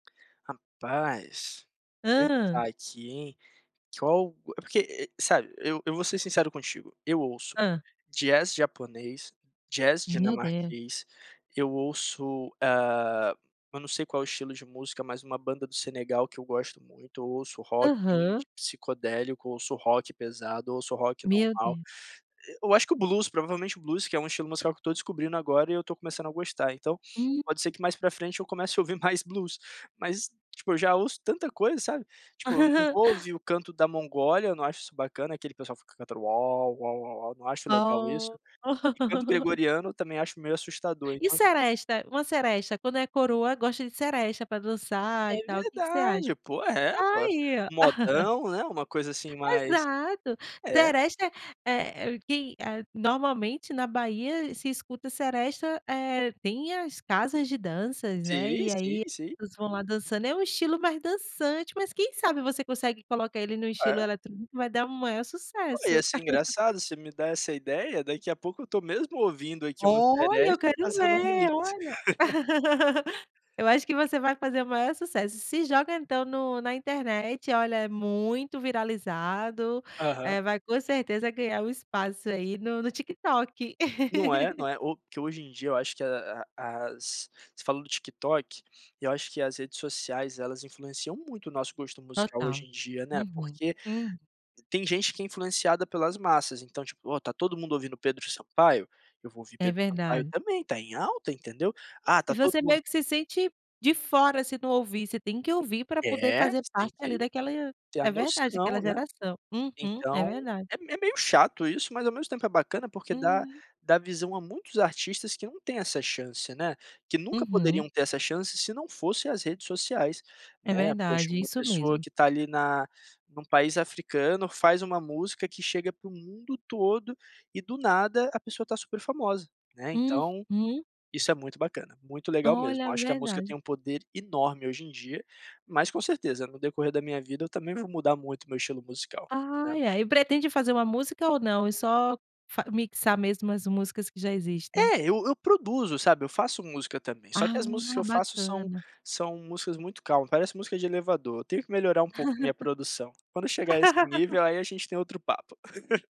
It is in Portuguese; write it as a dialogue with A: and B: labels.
A: Rapaz,
B: Hã.
A: pensar aqui em. Que col é porque, sabe, eu eu vou ser sincero contigo. Eu ouço
B: Hã.
A: jazz japonês, jazz
B: Meu Deus.
A: dinamarquês, eu ouço, hã, eu não sei qual o estilo de música, mas uma banda do Senegal que eu gosto muito, ouço rock,
B: Aham.
A: indie, psicodélico, ouço rock pesado, ouço rock
B: Meu
A: normal.
B: Deus.
A: Eh, eu acho que o blues, provavelmente o blues, que é um estilo musical que eu estou descobrindo agora e eu estou começando a gostar. Então,
B: Hum.
A: pode ser que mais para frente eu comece a ouvir mais blues, mas, tipo, eu já ouço tanta coisa, sabe? Tipo, eu não vou ouvir o canto da Mongólia, não acho isso bacana, aquele pessoal fica cantando uau, uau, uau, uau, não acho legal isso.
B: Oh.
A: E canto gregoriano também acho meio assustador,
B: E
A: então.
B: seresta uma seresta, quando é coroa, gosta de seresta para dançar e
A: É
B: tal. Que que você acha?
A: verdade! Poxa, é, poxa.
B: Ai, ó!
A: Modão, né, uma coisa assim mais
B: Exato!
A: é.
B: Seresta é é quem eh, normalmente na Bahia, se escuta seresta eh, tem as casas de danças, né,
A: Sim,
B: e
A: sim,
B: aí
A: sim.
B: eles vão lá dançando. É um estilo mais dançante, mas quem sabe você consegue colocar ele no estilo
A: É.
B: eletrônico, vai dar o maior
A: Não,
B: sucesso.
A: ia ser engraçado. Você me dá essa ideia, daqui a pouco eu estou mesmo ouvindo, aqui, uma
B: Olha, eu
A: seresta e
B: quero
A: fazendo um
B: ver,
A: remix.
B: olha! Eu acho que você vai fazer o maior sucesso. Se joga então no na internet, olha, é muito viralizado,
A: Aham.
B: eh, vai com certeza ganhar um espaço, aí, no no TikTok.
A: Não é? Não é? O que hoje em dia eu acho que a a as você falou do TikTok, eu acho que as redes sociais elas influenciam muito o nosso gosto musical
B: Total.
A: hoje em dia, né,
B: Uhum,
A: porque
B: hum.
A: tem gente que é influenciada pelas massas, então tipo: "Ó, tá todo mundo ouvindo Pedro Sampaio, eu vou ouvir
B: É
A: Pedro Sampaio
B: verdade.
A: também", tá em alta, entendeu. "Ah
B: E
A: tá todo
B: você
A: mundo"
B: meio que se sente de fora se não ouvir. Você tem que ouvir pra poder
A: É,
B: fazer
A: você tem
B: parte ali
A: que
B: daquela
A: ter a
B: é verdade,
A: noção,
B: daquela
A: né.
B: geração. Uhum. É
A: Então,
B: verdade.
A: é me meio chato isso, mas ao mesmo tempo é bacana porque dá
B: Uhum.
A: dá visão a muitos artistas que não têm essa chance, né, que nunca
B: Uhum.
A: poderiam ter essa chance se não fosse as redes sociais,
B: É
A: né. Poxa,
B: verdade,
A: uma
B: isso
A: pessoa
B: mesmo.
A: que está ali na num país africano faz uma música que chega pro mundo todo e do nada, a pessoa está super famosa, né, então
B: Uhum.
A: isso é muito bacana, muito legal mesmo.
B: Olha,
A: Acho que a música tem
B: verdade.
A: um poder enorme hoje em dia, mas com certeza, no decorrer da minha vida, eu também vou mudar muito meu estilo musical, né?
B: Ai, ai. E pretende fazer uma música ou não? É só fa mixar mesmo as músicas que já existem.
A: É, eu eu produzo, sabe, eu faço música também. Só que
B: Ah,
A: as músicas que eu faço são
B: bacana.
A: são músicas muito calmas, parece música de elevador. Tenho que melhorar um pouco minha produção. Quando chegar a esse nível, aí a gente tem outro papo.